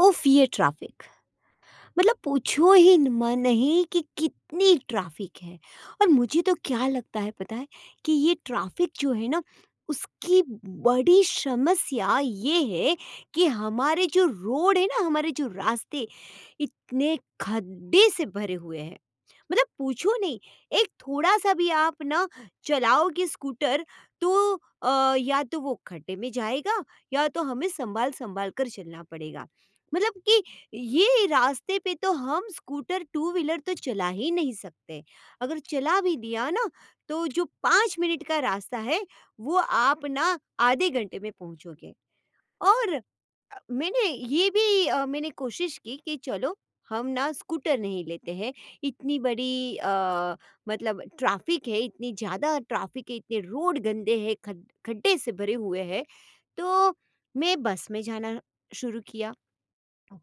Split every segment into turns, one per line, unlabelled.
उफ्फ ये ट्रैफिक। मतलब पूछो ही न म नहीं कि कितनी ट्रैफिक है और मुझे तो क्या लगता है पता है कि, ये ट्रैफिक जो है ना, उसकी बड़ी समस्या ये है कि हमारे जो रोड है ना हमारे जो रास्ते, इतने खड्डे से भरे हुए हैं। मतलब पूछो नहीं एक थोड़ा-सा भी आप ना चलाओगे स्कूटर तो अ, या तो वो खड्डे में जाएगा या तो हमें सँभाल-सँभाल कर चलना पड़ेगा मतलब कि ये रास्ते पे तो हम स्कूटर टू व्हीलर तो चला ही नहीं सकते। अगर चला भी दिया ना तो जो 5 मिनट का रास्ता है, वो आप ना आधे घंटे में पहुँचोगे। और अ, मैंने ये भी अ, मैंने कोशिश की कि चलो हम ना स्कूटर नहीं लेते हैं, इतनी बड़ी अ, मतलब ट्रैफिक है, इतनी ज़्यादा ट्रैफिक है इतने रोड गंदे हैं, खड्ड खड्डे से भरे हुए है, तो मैं बस में जाना शुरू किया।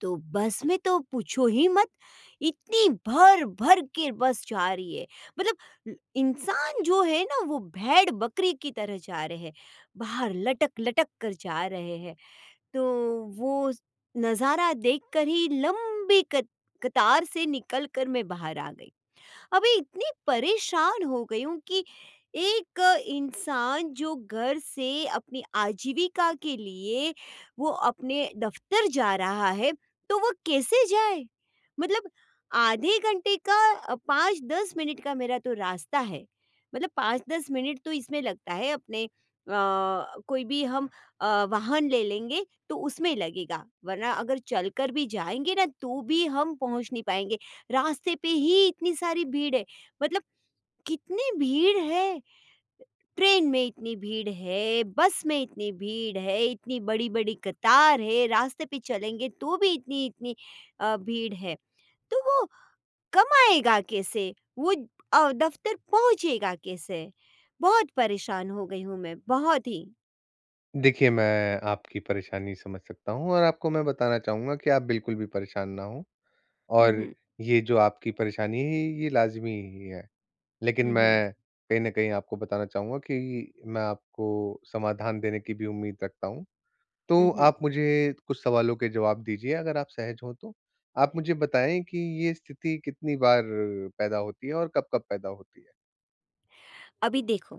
तो बस में तो पूछो ही मत, इतनी भर-भर के बस जा रही है। मतलब इंसान जो है ना वो भेड़-बकरी की तरह जा रहे है, बाहर लटक-लटक कर जा रहे है, तो वो नज़ारा देखकर ही लंबी कत कतार से निकल कर मैं बाहर आ गई। अभी इतनी परेशान हो गई हूँ कि एक इंसान जो घर से अपनी आजीविका के लिए वो अपने दफ़्तर जा रहा है, तो वो कैसे जाए? मतलब आधे घंटे का 5-10 मिनट का मेरा तो रास्ता है, मतलब 5-10 मिनट तो इसमें लगता है अपने अ, कोई भी हम अ, वाहन ले लेंगे तो उसमें लगेगा। वरना अगर चलकर भी जाएँगे ना, तो भी हम पहुँच नहीं पाएँगे, रास्ते पे ही इतनी सारी भीड़ है मतलब कितनी भीड़ है। ट्रेन में इतनी भीड़ है, बस में इतनी भीड़ है, इतनी बड़ी-बड़ी कतार है, रास्ते पे चलेंगे तो भी इतनी-इतनी अ, भीड़ है। तो वो कमाएगा कैसे? वो अ, दफ़्तर पहुँचेगा कैसे? बहुत परेशान हो गई हूँ मैं, बहुत ही।
देखिए, मैं आपकी परेशानी समझ सकता हूँ और आपको मैं बताना चाहूँगा कि आप बिल्कुल भी परेशान ना हो।
हुँ,
और
हुँ।
ये जो आपकी परेशानी है, ये ये लाज़मी ही है। लेकिन
हुँ, हुँ।
मैं कहीं न कहीं आपको बताना चाहूँगा कि मैं आपको समाधान देने की भी उम्मीद रखता हूँ।
हुँ,
तो
हुँ।
आप मुझे कुछ सवालों के जवाब दीजिए अगर आप सहज हों तो, आप मुझे बताएंँ कि ये स्थिति कितनी बार पैदा होती है और कब-कब पैदा होती है?
अभी देखो,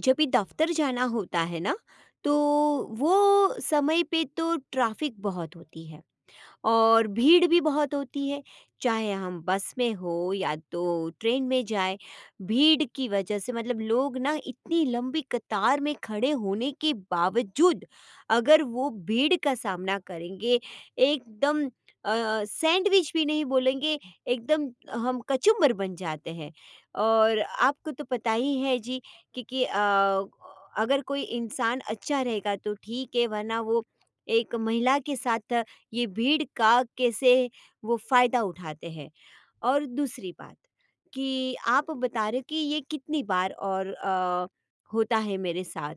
जब भी दफ़्तर जाना होता है ना, तो वो समय पे तो ट्रैफ़िक बहुत होती है, और भीड़ भी बहुत होती है, चाहे हम बस में हो या तो ट्रेन में जाएँ। भीड़ की वजह से मतलब लोग ना इतनी लंबी कतार में खड़े होने के बावजूद अगर वो भीड़ का सामना करेंगे, एकदम अ, सैंडविच भी नहीं बोलेंगे एकदम हम कचुम्बर बन जाते हैं। और आपको तो पता ही है, जी कि कि अ, अगर कोई इंसान अच्छा रहेगा तो ठीक है, वरना वो एक महिला के साथ ये भीड़ का कैसे वो फायदा उठाते हैं। और दूसरी बात, कि आप बता रहे हो कि ये कितनी बार और अ, होता है मेरे साथ,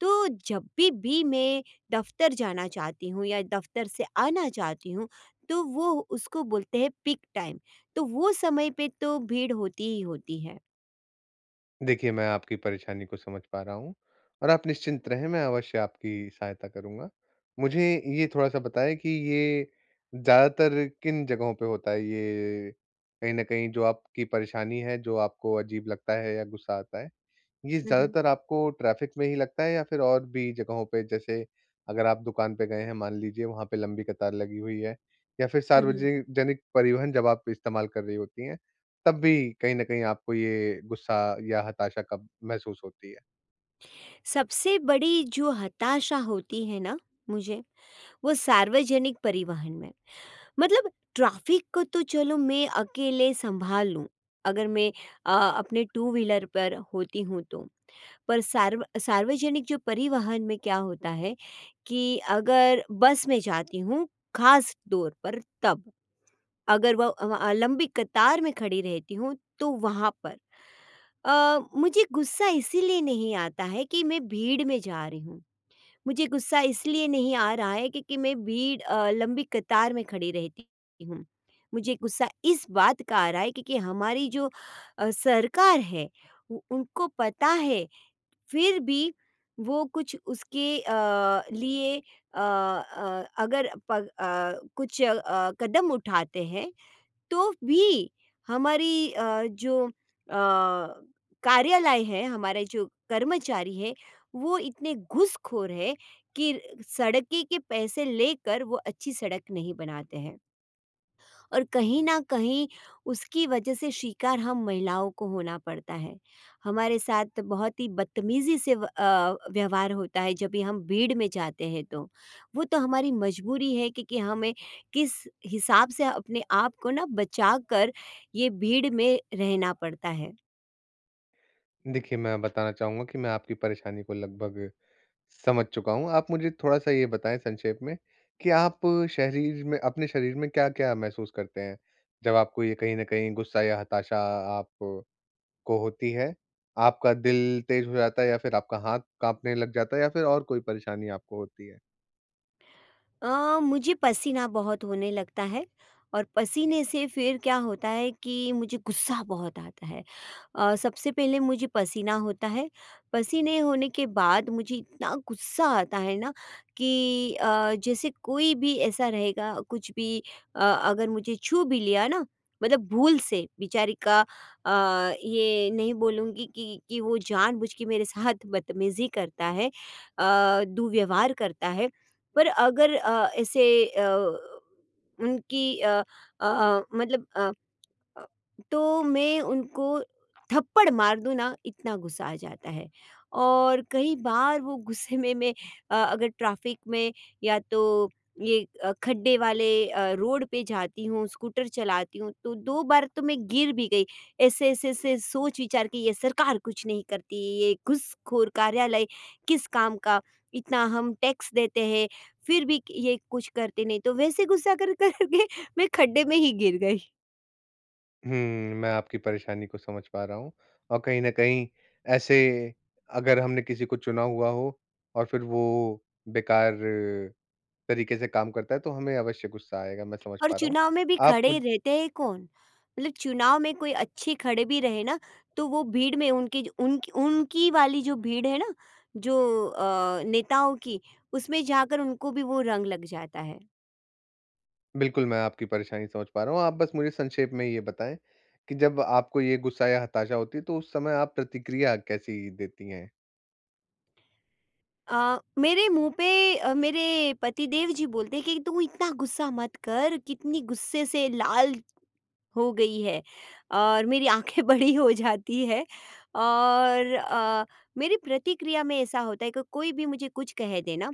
तो जभी, भी मैं दफ़्तर जाना चाहती हूँ या दफ़्तर से आना चाहती हूँ, तो वो उसको बोलते हैं पीक टाइम, तो वो समय पे तो भीड़ होती ही होती है।
देखिए, मैं आपकी परेशानी को समझ पा रहा हूँ, और आप निश्चिंत रहें, मैं अवश्य आपकी सहायता करूँगा। मुझे ये थोड़ा-सा बताएँ कि ये ज़्यादातर किन जगहों पे होता है? ये, कहीं न कहीं जो आपकी परेशानी है, जो आपको अजीब लगता है या गुस्सा आता है, ये
हुँ, हुँ।
ज़्यादातर आपको ट्रैफ़िक में ही लगता है या फिर और भी जगहों पे? जैसे अगर आप दुकान पे गए हैं, मान लीजिए वहाँ पे लंबी कतार लगी हुई है, या फिर
हुँ, हुँ।
सार्वजे जनिक परिवहन जब आप इस्तेमाल कर रही होती हैं, तब भी कहीं न कहीं आपको ये गुस्सा या हताशा कब महसूस होती है?
सबसे बड़ी जो हताशा होती है ना मुझे, वो सार्वजनिक परिवहन में, मतलब ट्रैफ़िक को तो चलो मैं अकेले संभाल लूँ, अगर मैं अ, अपने टू व्हीलर पर होती हूँ तो। पर सार्व अ, सार्वजनिक जो परिवहन में क्या होता है कि अगर बस में जाती हूँ, ख़ासतौर पर तब, अगर वो अ अ, लंबी कतार में खड़ी रहती हूँ, तो वहाँ पर अ, मुझे गुस्सा इसलिए नहीं आता है कि मैं भीड़ में जा रही हूँ। मुझे गुस्सा इसलिए नहीं आ रहा है क्योंकि मैं भीड़ अ, लंबी कतार में खड़ी रहती हूँ, मुझे गुस्सा इस बात का आ रहा है क्योंकि हमारी जो अ, सरकार है, उ उनको पता है, फिर भी वो कुछ उसके अ, लिए अ अ, अगर पग अ, कुछ अ, कदम उठाते हैं, तो भी हमारी अ, जो अ, कार्यालय है, हमारे जो कर्मचारी हैं, वो इतने घूसखोर हैं कि सड़क के पैसे लेकर वो अच्छी सड़क नहीं बनाते हैं। और कहीं न कहीं, उसकी वजह से शिकार हम महिलाओं को होना पड़ता है। हमारे साथ बहुत ही बदतमीज़ी से व अ, व्यवहार होता है जब भी हम भीड़ में जाते हैं तो। वो तो हमारी मजबूरी है कि कि हमें किस हिसाब से अपने आप को ना बचाकर ये भीड़ में रहना पड़ता है।
देखिए, मैं बताना चाहूँगा कि मैं आपकी परेशानी को लगभग समझ चुका हूँ। आप मुझे थोड़ा-सा ये बताएँ संक्षेप में, कि आप शरीर में अपने शरीर में क्या-क्या महसूस करते हैं, जब आपको ये कहीं न कहीं गुस्सा या हताशा आप को होती है? आपका दिल तेज़ हो जाता है या फिर आपका हाथ काँपने लग जाता है या फिर और कोई परेशानी आपको होती है?
अ, मुझे पसीना बहुत होने लगता है। और पसीने से फिर क्या होता है कि मुझे गुस्सा बहुत आता है। अ, सबसे पहले मुझे पसीना होता है, पसीने होने के बाद मुझे इतना गुस्सा आता है ना कि अ, जैसे कोई भी ऐसा रहेगा कुछ भी अ, अगर मुझे छू भी लिया ना, मतलब भूल से बेचारी का अ, ये नहीं बोलूँगी कि कि वो जानबूझ के मेरे साथ बदतमीजी करता है अ, दुर्व्यवहार करता है। पर अगर अ, ऐसे अ, उनकी अ अ अ, मतलब अ अ, तो मैं उनको थप्पड़ मार दूँ ना इतना गुस्सा आ जाता है और कई बार वो गुस्से में, मैं अ, अगर ट्रैफिक में या तो ये अ, खड्डे वाले अ, रोड पे जाती हूँ स्कूटर चलाती हूँ तो 2 बार तो मैं गिर भी गई ऐसे-ऐसे-ऐसे सोच विचार की ये सरकार कुछ नहीं करती, ये घुसखोर कार्यालय किस काम का, इतना हम टैक्स देते हैं, फिर भी कि ये कुछ करते नहीं तो वैसे गुस्सा कर कर के मैं खड्डे में ही गिर गई।
हुँ, मैं आपकी परेशानी को समझ पा रहा हूँ और कहीं न कहीं ऐसे अगर हमने किसी को चुना हुआ हो और फिर वो बेकार, तरीके से काम करता है, तो हमें अवश्य गुस्सा आएगा, मैं समझ
और
पा रहा हूँ।
चुनाव में भी
आप
खड़े
मु
रहते हैं कौन, उल चुनाव में कोई अच्छे खड़े भी रहे ना, तो वो भीड़ में उनकी ज उन उनकी वाली जो भीड़ है ना, जो अ, नेताओं की, उसमें जाकर उनको भी वो रंग लग जाता है।
बिल्कुल, मैं आपकी परेशानी समझ पा रहा हूँ। आप बस मुझे संक्षेप में ये बताएँ, कि जब आपको ये गुस्सा या हताशा होती है तो उस समय आप प्रतिक्रिया कैसी देती हैं?
अ, मेरे मुँह पे अ, मेरे पति देव जी बोलते हैं कि, "तू इतना गुस्सा मत कर कितनी गुस्से से लाल, हो गई है।" और मेरी आँखें बड़ी हो जाती है और अ, मेरी प्रतिक्रिया में ऐसा होता है क कोई भी मुझे कुछ कह दे ना,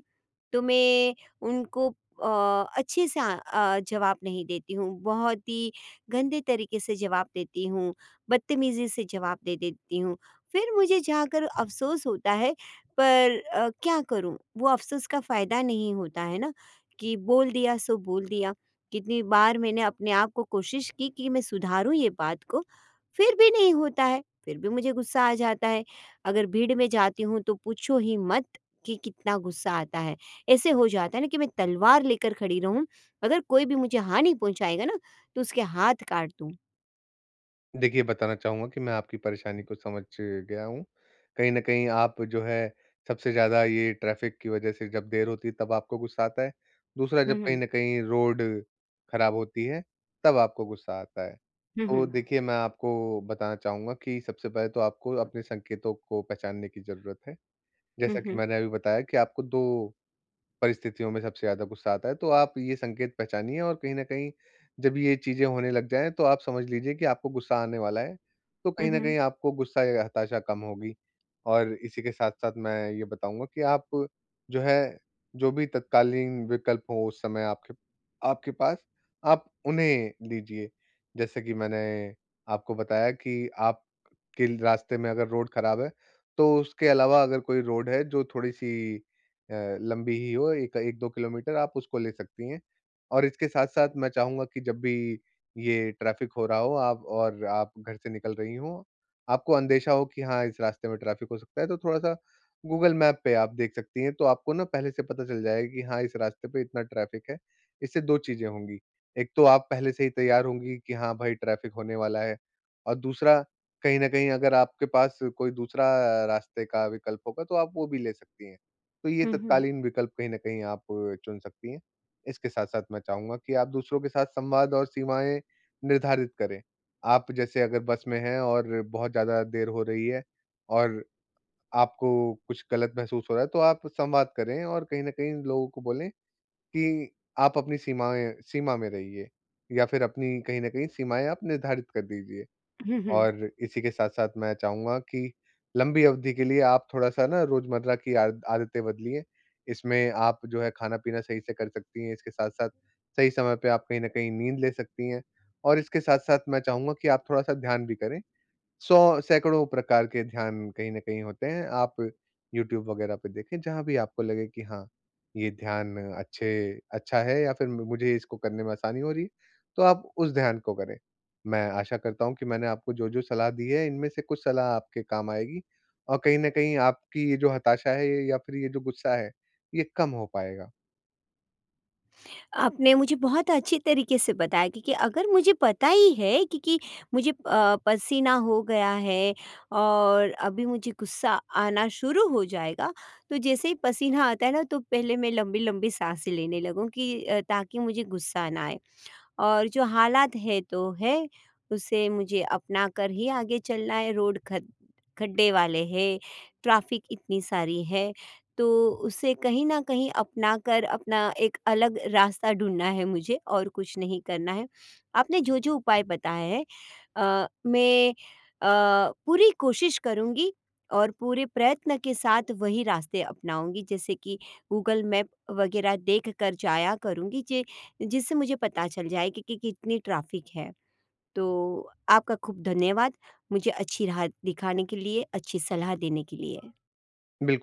तो मैं उनको अ, अच्छे से अ अ, जवाब नहीं देती हूँ, बहुत ही गंदे तरीके से जवाब देती हूँ, बदतमीजी से जवाब दे देती हूँ। फिर मुझे जाकर अफ़सोस होता है पर अ, क्या करूँ वो अफ़सोस का फ़ायदा नहीं होता है ना, कि बोल दिया सो बोल दिया। कितनी बार मैंने अपने आप को कोशिश की, कि मैं सुधारूँ ये बात को, फिर भी नहीं होता है, फिर भी मुझे गुस्सा आ जाता है। अगर भीड़ में जाती हूँ तो पूछो ही मत कि कितना गुस्सा आता है, ऐसे हो जाता है ना कि मैं तलवार लेकर खड़ी रहूँ, अगर कोई भी मुझे हानि पहुँचाएगा ना तो उसके हाथ काट दूँ।
देखिए, बताना चाहूँगा कि मैं आपकी परेशानी को समझ गया हूँ। कहीं न कहीं आप जो है सबसे ज़्यादा ये ट्रैफ़िक की वजह से जब देर होती है तब आपको गुस्सा आता है। दूसरा
हुँ,
जब कहीं
हुँ।
न कहीं रोड खराब होती है, तब आपको गुस्सा आता है।
हुँ,
तो
हुँ।
देखिए मैं आपको बताना चाहूँगा कि सबसे पहले तो आपको अपने संकेतों को पहचानने की ज़रूरत है।
हुँ,
जैसा कि
हुँ।
मैंने अभी बताया कि आपको 2 परिस्थितियों में सबसे ज़्यादा गुस्सा आता है तो आप ये संकेत पहचानिए और कहीं न कहीं जब ये चीजें होने लग जाएँ तो आप समझ लीजिए कि आपको गुस्सा आने वाला है, तो
हुँ,
कहीं न
हुँ।
कहीं आपको गुस्सा या हताशा कम होगी। और इसी के साथ-साथ मैं ये बताऊंँगा, कि आप जो है, जो भी तत्कालीन विकल्प हो उस समय आपके आपके पास, आप उन्हें लीजिए। जैसे कि मैंने आपको बताया कि आप के रास्ते में अगर रोड खराब है, तो उसके अलावा अगर कोई रोड है जो थोड़ी-सी अ, लम्बी ही हो एक 1-2 किलोमीटर आप उसको ले सकती हैं। और इसके साथ-साथ मैं चाहूँगा कि जब भी ये ट्रैफ़िक हो रहा हो आप और आप घर से निकल रहीं हो, आपको अंदेशा हो कि हाँ इस रास्ते में ट्रैफ़िक हो सकता है तो थोड़ा-सा गूगल मैप पे आप देख सकती हैं तो आपको ना पहले से पता चल जाएगा कि हाँ इस रास्ते पे इतना ट्रैफ़िक है। इससे 2 चीज़ें होंगी, एक तो आप पहले से ही तैयार होंगी कि, हाँ भाई ट्रैफ़िक होने वाला है और दूसरा कहीं न कहीं अगर आपके पास कोई दूसरा रास्ते का विकल्प होगा तो आप वो भी ले सकती हैं, तो ये
हुँ, हुँ।
तत्कालीन विकल्प कहीं न कहीं आप चुन सकती हैं। इसके साथ-साथ मैं चाहूँगा कि आप दूसरों के साथ संवाद और सीमाएंँ निर्धारित करें। आप जैसे अगर बस में हैं और बहुत ज़्यादा देर हो रही है और आपको कुछ गलत महसूस हो रहा है, तो आप संवाद करें और कहीं न कहीं लोगों को बोलें कि आप अपनी सीमाएँ सीमा में रहिए। या फिर अपनी कहीं न कहीं सीमाएँ आप निर्धारित कर दीजिए।
हुँ, हुँ।
और इसी के साथ-साथ मैं चाहूँगा की लंबी अवधि के लिए आप थोड़ा-सा ना रोज़मर्रा की आदत आदतें बदलिए, इसमें आप जो है खाना-पीना सही से कर सकती हैं, इसके साथ-साथ सही समय पे आप कहीं न कहीं नींद ले सकती हैं। और इसके साथ-साथ मैं चाहूँगा कि आप थोड़ा-सा ध्यान भी करे। सौ सैकड़ों प्रकार के ध्यान कहीं न कहीं होते हैं, आप यूट्यूब वगैरह पे देखे जहाँ भी आपको लगे की, हाँ ये ध्यान अच्छे अच्छा है या फिर मुझे इसको करने में आसानी हो रही है, तो आप उस ध्यान को करें। मैं आशा करता हूँ कि मैंने आपको जो, जो सलाह दी है इनमें से कुछ सलाह आपके काम आएगी और कहीं न कहीं आपकी ये जो हताशा है या फिर ये जो गुस्सा है, ये कम हो पाएगा।
आपने मुझे बहुत अच्छी तरीके से बताया क्योंकि अगर मुझे पता ही है क्योंकि मुझे अ, पसीना हो गया है। और अभी मुझे गुस्सा आना शुरू हो जाएगा तो जैसे ही पसीना आता है ना तो पहले मैं लंबी-लंबी साँसे लेने लगूँ की अ, ताकि मुझे गुस्सा ना आए। और जो हालात है तो है, उसे मुझे अपनाकर ही आगे चलना है रोड ख खड्डे वाले हैं, ट्रैफ़िक इतनी सारी है। तो उसे कहीं न कहीं अपनाकर अपना एक अलग रास्ता ढूँढना है मुझे और कुछ नहीं करना है। आपने जो-जो उपाय बताएँ हैं अ, मैँ अ, पूरी कोशिश करूंँगी और पूरे प्रयत्न के साथ वही रास्ते अपनाऊँगी। जैसे कि गूगल मैप वगैरह देखकर जाया करूँगी जे जिससे मुझे पता चल जाए कि कि कितनी ट्रैफ़िक है। तो आपका खूब धन्यवाद, मुझे अच्छी राह दिखाने के लिए, अच्छी सलाह देने के लिए।
बिल्कुल।